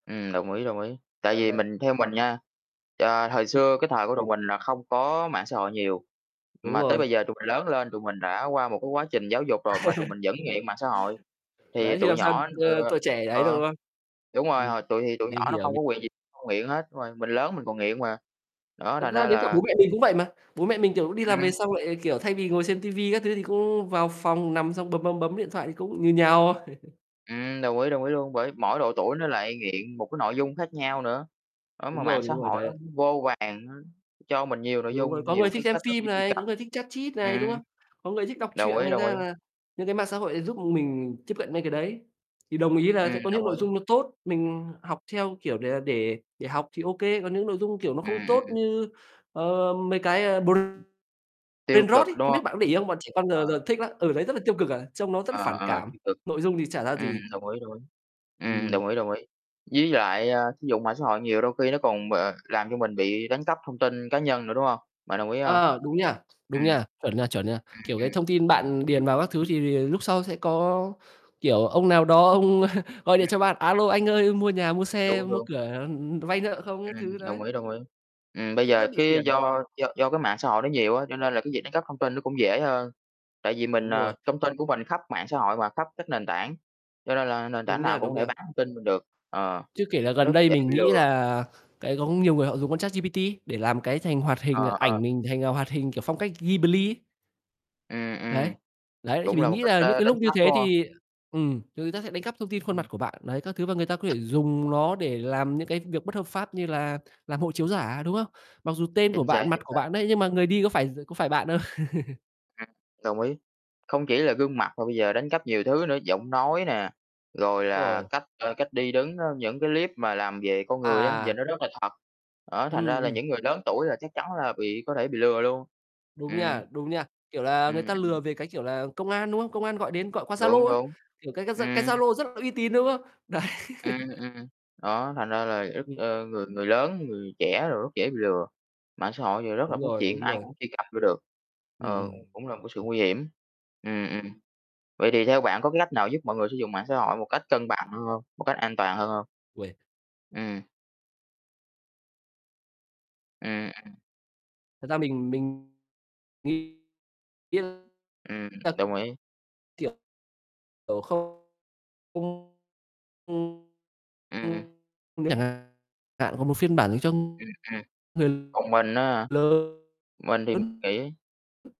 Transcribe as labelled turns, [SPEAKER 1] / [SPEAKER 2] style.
[SPEAKER 1] Ừm, đồng ý, đồng ý. Tại
[SPEAKER 2] Đấy,
[SPEAKER 1] vì
[SPEAKER 2] đấy.
[SPEAKER 1] mình theo mình nha, ờ, thời
[SPEAKER 2] Ừm.
[SPEAKER 1] xưa, cái thời của tụi mình là không có mạng xã hội nhiều.
[SPEAKER 2] Đúng
[SPEAKER 1] Mà tới
[SPEAKER 2] rồi.
[SPEAKER 1] bây giờ tụi mình lớn lên, tụi mình đã qua một cái quá trình giáo dục rồi, mà tụi mình vẫn nghiện mạng xã hội. Thì
[SPEAKER 2] Đấy, thì
[SPEAKER 1] tụi
[SPEAKER 2] làm sao?
[SPEAKER 1] nhỏ
[SPEAKER 2] T
[SPEAKER 1] ừ,
[SPEAKER 2] tuổi trẻ đấy đâu,
[SPEAKER 1] ờ,
[SPEAKER 2] đúng không?
[SPEAKER 1] đúng rồi,
[SPEAKER 2] Ừm,
[SPEAKER 1] họ tụi thì tụi
[SPEAKER 2] mình
[SPEAKER 1] nhỏ nó
[SPEAKER 2] hiểu,
[SPEAKER 1] không có
[SPEAKER 2] mình
[SPEAKER 1] quyền gì không nghiện hết, đúng rồi. Mình lớn mình còn nghiện mà. Đó,
[SPEAKER 2] Thật
[SPEAKER 1] thành
[SPEAKER 2] ra
[SPEAKER 1] ra
[SPEAKER 2] đến cả
[SPEAKER 1] là
[SPEAKER 2] bố mẹ mình cũng vậy mà. Bố mẹ mình kiểu đi làm về
[SPEAKER 1] Ừm.
[SPEAKER 2] xong lại kiểu thay vì ngồi xem Tivi các thứ, thì cũng vào phòng nằm xong bấm, bấm, bấm điện thoại thì cũng như nhau.
[SPEAKER 1] Ừm, đồng ý, đồng ý luôn. Bởi mỗi độ tuổi nó lại nghiện một cái nội dung khác nhau nữa. Đó, mà
[SPEAKER 2] Đúng
[SPEAKER 1] mạng
[SPEAKER 2] rồi,
[SPEAKER 1] xã
[SPEAKER 2] đúng rồi
[SPEAKER 1] hội nó
[SPEAKER 2] đấy.
[SPEAKER 1] vô vàn, nó cho mình nhiều nội
[SPEAKER 2] Đúng rồi.
[SPEAKER 1] dung,
[SPEAKER 2] Có
[SPEAKER 1] nhiều
[SPEAKER 2] người
[SPEAKER 1] cái
[SPEAKER 2] thích xem
[SPEAKER 1] cách thức
[SPEAKER 2] phim
[SPEAKER 1] để truy
[SPEAKER 2] này,
[SPEAKER 1] cập.
[SPEAKER 2] có người thích chat chít này, đúng
[SPEAKER 1] Ừm.
[SPEAKER 2] không? Có người thích đọc
[SPEAKER 1] Đồng
[SPEAKER 2] truyện
[SPEAKER 1] ý,
[SPEAKER 2] thành
[SPEAKER 1] đồng
[SPEAKER 2] ra
[SPEAKER 1] ý.
[SPEAKER 2] là những cái mạng xã hội này giúp mình tiếp cận mấy cái đấy. Thì đồng ý là
[SPEAKER 1] Ừm,
[SPEAKER 2] sẽ có
[SPEAKER 1] đồng
[SPEAKER 2] những nội
[SPEAKER 1] ý.
[SPEAKER 2] dung nó tốt, mình học theo, kiểu, để là để để học thì ô kê, còn những nội dung kiểu nó
[SPEAKER 1] Ừm,
[SPEAKER 2] không tốt
[SPEAKER 1] ừm.
[SPEAKER 2] như, ờ, mấy cái, ờ,
[SPEAKER 1] Tiêu cực,
[SPEAKER 2] Brainrot ấy,
[SPEAKER 1] đúng
[SPEAKER 2] không biết
[SPEAKER 1] hông?
[SPEAKER 2] bạn có để ý không? Bọn trẻ con
[SPEAKER 1] Ờ.
[SPEAKER 2] giờ giờ thích lắm. Ừ, đấy rất là tiêu cực, à, trông nó rất là
[SPEAKER 1] Ờ,
[SPEAKER 2] phản
[SPEAKER 1] ờ,
[SPEAKER 2] cảm,
[SPEAKER 1] tiêu cực.
[SPEAKER 2] nội dung thì chả ra
[SPEAKER 1] Ừm,
[SPEAKER 2] gì.
[SPEAKER 1] đồng ý, đồng ý. Ừm,
[SPEAKER 2] Ừm.
[SPEAKER 1] đồng ý, đồng ý. Với lại, a, sử dụng mạng xã hội nhiều đôi khi nó còn b làm cho mình bị đánh cắp thông tin cá nhân nữa, đúng hông? Bạn đồng ý hông?
[SPEAKER 2] Ờ, đúng nha, đúng
[SPEAKER 1] Ừm. Ừm,
[SPEAKER 2] nha, chuẩn nha, chuẩn nha. Kiểu cái
[SPEAKER 1] ừm.
[SPEAKER 2] thông tin bạn điền vào các thứ thì thì lúc sau sẽ có, kiểu, ông nào đó ông gọi
[SPEAKER 1] Ừm,
[SPEAKER 2] điện cho
[SPEAKER 1] ừm.
[SPEAKER 2] bạn: "A lô, anh ơi mua nhà, mua xe,
[SPEAKER 1] Đúng,
[SPEAKER 2] mua
[SPEAKER 1] đúng.
[SPEAKER 2] cửa, ừm, vay nợ không?" Các
[SPEAKER 1] Ừm,
[SPEAKER 2] thứ đấy.
[SPEAKER 1] đồng ý, đồng ý. Ừm, bây
[SPEAKER 2] Tự
[SPEAKER 1] giờ
[SPEAKER 2] dưng bị
[SPEAKER 1] cái
[SPEAKER 2] phiền.
[SPEAKER 1] do do do cái mạng xã hội nó nhiều á, cho nên là cái việc đánh cắp thông tin nó cũng dễ hơn. Tại vì mình,
[SPEAKER 2] Đúng
[SPEAKER 1] à
[SPEAKER 2] rồi.
[SPEAKER 1] thông tin của mình khắp mạng xã hội mà, khắp các nền tảng. Cho nên là nền tảng
[SPEAKER 2] Đúng nha,
[SPEAKER 1] nào cũng
[SPEAKER 2] đúng
[SPEAKER 1] có thể
[SPEAKER 2] nha.
[SPEAKER 1] bán thông tin mình được. Ờ,
[SPEAKER 2] Chưa kể là gần
[SPEAKER 1] rất
[SPEAKER 2] đây
[SPEAKER 1] dễ
[SPEAKER 2] mình
[SPEAKER 1] bị
[SPEAKER 2] nghĩ
[SPEAKER 1] lừa.
[SPEAKER 2] là, cái, có nhiều người họ dùng con ChatGPT để làm cái thành hoạt hình, ờ,
[SPEAKER 1] Ờ,
[SPEAKER 2] ảnh
[SPEAKER 1] ờ.
[SPEAKER 2] mình thành, ờ, hoạt hình kiểu phong cách Ghibli ấy.
[SPEAKER 1] Ừm,
[SPEAKER 2] Đấy,
[SPEAKER 1] ừm,
[SPEAKER 2] đấy. Thì
[SPEAKER 1] cũng là
[SPEAKER 2] mình
[SPEAKER 1] một
[SPEAKER 2] nghĩ
[SPEAKER 1] cách,
[SPEAKER 2] là những
[SPEAKER 1] a,
[SPEAKER 2] cái
[SPEAKER 1] đánh
[SPEAKER 2] lúc như
[SPEAKER 1] cắp,
[SPEAKER 2] thế
[SPEAKER 1] đúng hông?
[SPEAKER 2] thì, ừm, thì người ta sẽ đánh cắp thông tin khuôn
[SPEAKER 1] Ừm.
[SPEAKER 2] mặt của bạn, đấy, các thứ. Và người ta có thể dùng nó để làm những cái việc bất hợp pháp như là làm hộ chiếu giả, đúng không? Mặc dù tên của
[SPEAKER 1] Chính xác,
[SPEAKER 2] bạn, mặt
[SPEAKER 1] chính
[SPEAKER 2] của
[SPEAKER 1] xác.
[SPEAKER 2] bạn đấy, nhưng mà người đi có phải d có phải bạn hông?
[SPEAKER 1] Ừm, đồng ý. Không chỉ là gương mặt mà bây giờ đánh cắp nhiều thứ nữa, giọng nói nè, rồi là
[SPEAKER 2] Rồi.
[SPEAKER 1] cách, a, cách đi đứng nó những cái clip mà làm về con người á, giờ
[SPEAKER 2] À.
[SPEAKER 1] nó rất là thật. Đó, thành
[SPEAKER 2] Ừm,
[SPEAKER 1] ra là
[SPEAKER 2] ừm.
[SPEAKER 1] những người lớn tuổi là chắc chắn là bị có thể bị lừa luôn.
[SPEAKER 2] Đúng
[SPEAKER 1] Ừm.
[SPEAKER 2] nha, đúng nha. Kiểu là, người
[SPEAKER 1] Ừm,
[SPEAKER 2] ta lừa
[SPEAKER 1] ừm.
[SPEAKER 2] về cái kiểu là công an, đúng không? Công an gọi đến, gọi qua
[SPEAKER 1] Đúng,
[SPEAKER 2] Zalo ấy,
[SPEAKER 1] đúng.
[SPEAKER 2] kiểu, cái cái Z cái
[SPEAKER 1] Ừm.
[SPEAKER 2] Zalo rất là uy tín, đúng không? Đấy.
[SPEAKER 1] Ừm, ừm. Đó, thành ra là rất,
[SPEAKER 2] Ừm.
[SPEAKER 1] ờ, người người lớn, người trẻ đồ rất dễ bị lừa. Mạng xã hội thì rất là
[SPEAKER 2] Đúng
[SPEAKER 1] phát
[SPEAKER 2] rồi,
[SPEAKER 1] triển,
[SPEAKER 2] đúng
[SPEAKER 1] ai
[SPEAKER 2] rồi.
[SPEAKER 1] cũng truy cập vô được.
[SPEAKER 2] Ừm,
[SPEAKER 1] Ờ,
[SPEAKER 2] ừm.
[SPEAKER 1] cũng là một cái sự nguy hiểm. Ừm, ừm. Vậy thì theo bạn có cái lách nào giúp mọi người sử dụng mạng xã hội một cách cân bằng hơn hông? Một cách an toàn hơn hông?
[SPEAKER 2] Uầy!
[SPEAKER 1] Ừm. Ừm, ừm.
[SPEAKER 2] Thật ra mình mình nghĩ
[SPEAKER 1] Ừm,
[SPEAKER 2] [unintelligible] thật,
[SPEAKER 1] đồng ý.
[SPEAKER 2] kiểu, kiểu không không không
[SPEAKER 1] Ừm.
[SPEAKER 2] không không chẳng hạn hạn còn một phiên bản thì cho
[SPEAKER 1] Ừm, ừm.
[SPEAKER 2] người
[SPEAKER 1] Còn mình á hả?
[SPEAKER 2] lớn
[SPEAKER 1] Mình thì mình
[SPEAKER 2] lớn.
[SPEAKER 1] nghĩ